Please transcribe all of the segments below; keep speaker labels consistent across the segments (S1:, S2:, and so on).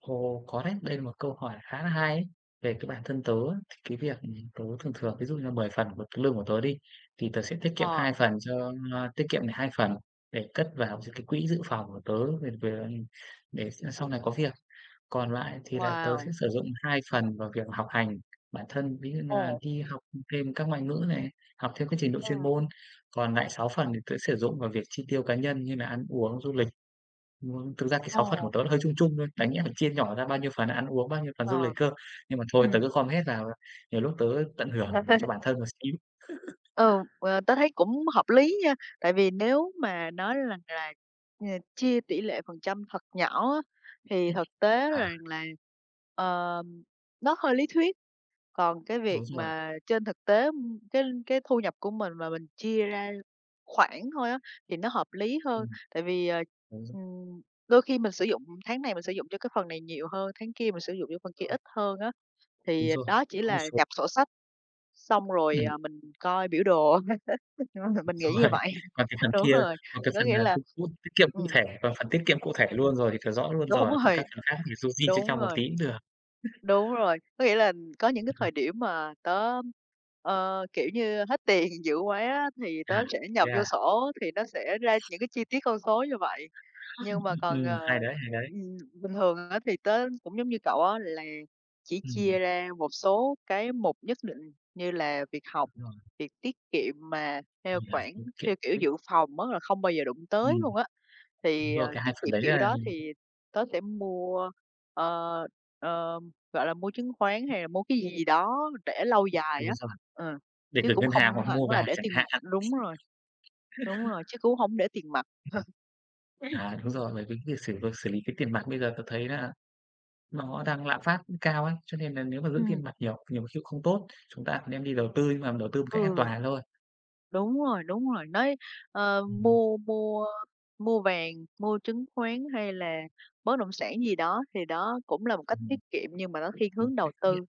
S1: Ồ, có đấy, đây là một câu hỏi khá là hay ấy về cái bản thân tớ á, cái việc, ừm, tớ thường thường ví dụ như 10 phần của cái lương của tớ đi, thì tớ sẽ tiết kiệm
S2: Ờ.
S1: 2 phần cho, a tiết kiệm này 2 phần để cất vào d cái quỹ dự phòng của tớ về về để s sau này có việc. Còn lại thì là tớ sẽ
S2: Wow!
S1: sử dụng 2 phần vào việc học hành bản thân, ví dụ như là
S2: Ồ.
S1: đi học thêm các ngoại ngữ này, học thêm cái trình độ chuyên
S2: Ừm.
S1: môn, còn lại sáu phần thì tớ sử dụng vào việc chi tiêu cá nhân như nà ăn uống, du lịch. Muốn thực ra cái 6 phần của
S2: Ồ.
S1: tớ nó hơi chung chung thôi, đáng nhẽ là chia nhỏ ra bao nhiêu phần ăn uống, bao nhiêu phần du lịch
S2: Ờ.
S1: cơ. Nhưng mà thôi tớ
S2: Ừm.
S1: cứ gom hết vào, ờ, nhiều lúc tớ tận hưởng cho bản thân một xíu.
S2: Ừ, ờ, tớ thấy cũng hợp lý nha, tại vì nếu mà nói rằng là, ờ, chia tỷ lệ phần trăm thật nhỏ á, thì thực tế
S1: À.
S2: rằng là, ờm, nó hơi lý thuyết. Còn cái việc
S1: Đúng rồi.
S2: mà trên thực tế, ưm, cái cái thu nhập của mình mà mình chia ra khoản thôi á thì nó hợp lý hơn.
S1: Ừm,
S2: Tại vì, ờ,
S1: đúng rồi.
S2: ừm, đôi khi mình sử dụng tháng này mình sử dụng cho cái phần này nhiều hơn, tháng kia mình sử dụng cho phần kia
S1: Rồi.
S2: ít hơn á,
S1: Đúng
S2: thì
S1: rồi,
S2: đó chỉ
S1: có một
S2: là
S1: số
S2: nhập sổ sách xong rồi,
S1: Ừm.
S2: à, mình coi biểu đồ, mình nghĩ
S1: Đúng
S2: như
S1: rồi.
S2: vậy.
S1: Còn cái phần
S2: Đúng
S1: kia
S2: rồi,
S1: còn cái
S2: có
S1: phần,
S2: nghĩa
S1: à,
S2: là
S1: [unintelligible] tiết kiệm cụ
S2: ừm.
S1: thể còn phần tiết kiệm cụ thể luôn rồi kiểu rõ luôn
S2: Đúng
S1: rồi, còn các
S2: rồi,
S1: phần khác thì du di
S2: đúng
S1: [unintelligible] một
S2: rồi.
S1: tí cũng được.
S2: Đúng rồi, có nghĩa là, ừm, có những cái thời điểm mà tớ, ơ, kiểu như, hết tiền dữ quá thì tớ
S1: À,
S2: sẽ
S1: thế
S2: nhập vô
S1: à?
S2: sổ thì nó sẽ ra những cái chi tiết con số như vậy. Nhưng mà còn,
S1: Ừm, hay
S2: ờ,
S1: đấy, hay đấy.
S2: ừm, bình thường á thì tớ cũng giống như cậu á là chỉ
S1: Ừm.
S2: chia ra một số cái mục nhất định, như là việc học,
S1: Đúng rồi.
S2: việc tiết kiệm mà theo khoản theo kiểu
S1: [unintelligible]
S2: dự phòng á là không bao giờ đụng tới
S1: Ừm.
S2: luôn á. Thì, ờ,
S1: Rồi cái
S2: tiết
S1: hai phần
S2: kiệm
S1: đấy
S2: kiểu
S1: là
S2: đó thì tớ sẽ mua, ờ, ờ, gọi là, mua chứng khoán hay là mua cái gì gì đó để lâu dài
S1: Đúng
S2: á,
S1: rồi,
S2: ờ,
S1: để
S2: chứ
S1: gửi
S2: cũng
S1: ngân
S2: không
S1: hàng hoặc mua
S2: hẳn là
S1: vàng
S2: để
S1: chẳng
S2: tiền
S1: hạn.
S2: đúng rồi, đúng rồi, chứ cũng hông để tiền mặt.
S1: À, đúng rồi, bởi vì cái việc xử việc xử lý cái tiền mặt bây giờ tớ thấy là nó đang lạm phát cao ấy, cho nên là nếu mà giữ tiền
S2: Ừm.
S1: mặt nhiều nhiều khi không tốt, chúng ta đem đi đầu tư nhưng mà đầu tư một cách an
S2: Ừ.
S1: toàn thôi.
S2: Đúng rồi, đúng rồi, nói, ờ,
S1: Ừm hứm.
S2: mua mua mua vàng, mua chứng khoán hay là bất động sản gì đó thì đó cũng là một cách
S1: Ừm.
S2: tiết kiệm nhưng mà nó thiên
S1: Một
S2: hướng
S1: cách
S2: đầu
S1: [unintelligible]
S2: tư,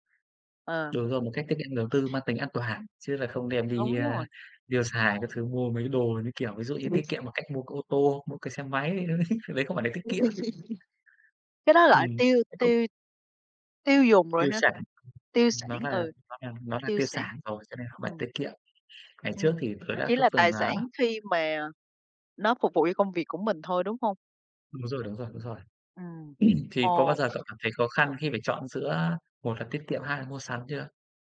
S2: ờ.
S1: Đúng rồi một cách tiết kiệm đầu tư mang tính an toàn chứ là không đem đi,
S2: Đúng
S1: a,
S2: rồi.
S1: tiêu xài các thứ, mua mấy cái đồ như, kiểu ví dụ như
S2: Tớ
S1: tiết
S2: biết r
S1: kiệm bằng cách mua cái ô tô, mua cái xe máy, đấy, nó đấy đấy không phải là tiết kiệm.
S2: Cái đó là
S1: Ừm
S2: tiêu
S1: [unintelligible]
S2: tiêu tiêu dùng rồi
S1: Tiêu
S2: ha?
S1: sản,
S2: Tiêu sản,
S1: nó là
S2: ừ,
S1: nó là nó là
S2: tiêu
S1: tiêu
S2: sản.
S1: sản rồi cho nên không phải
S2: Ừm.
S1: tiết kiệm. Ngày trước
S2: Ừm,
S1: thì tớ
S2: nó
S1: đã
S2: chỉ
S1: có
S2: là
S1: từng,
S2: tài
S1: à
S2: sản khi mà nó phục vụ cho công việc của mình thôi, đúng hông?
S1: Đúng rồi, đúng rồi, đúng rồi.
S2: Ừm.
S1: Thì có bao
S2: Ồ.
S1: giờ cậu cảm thấy khó khăn khi phải chọn giữa một là tiết kiệm, hai là mua sắm chưa?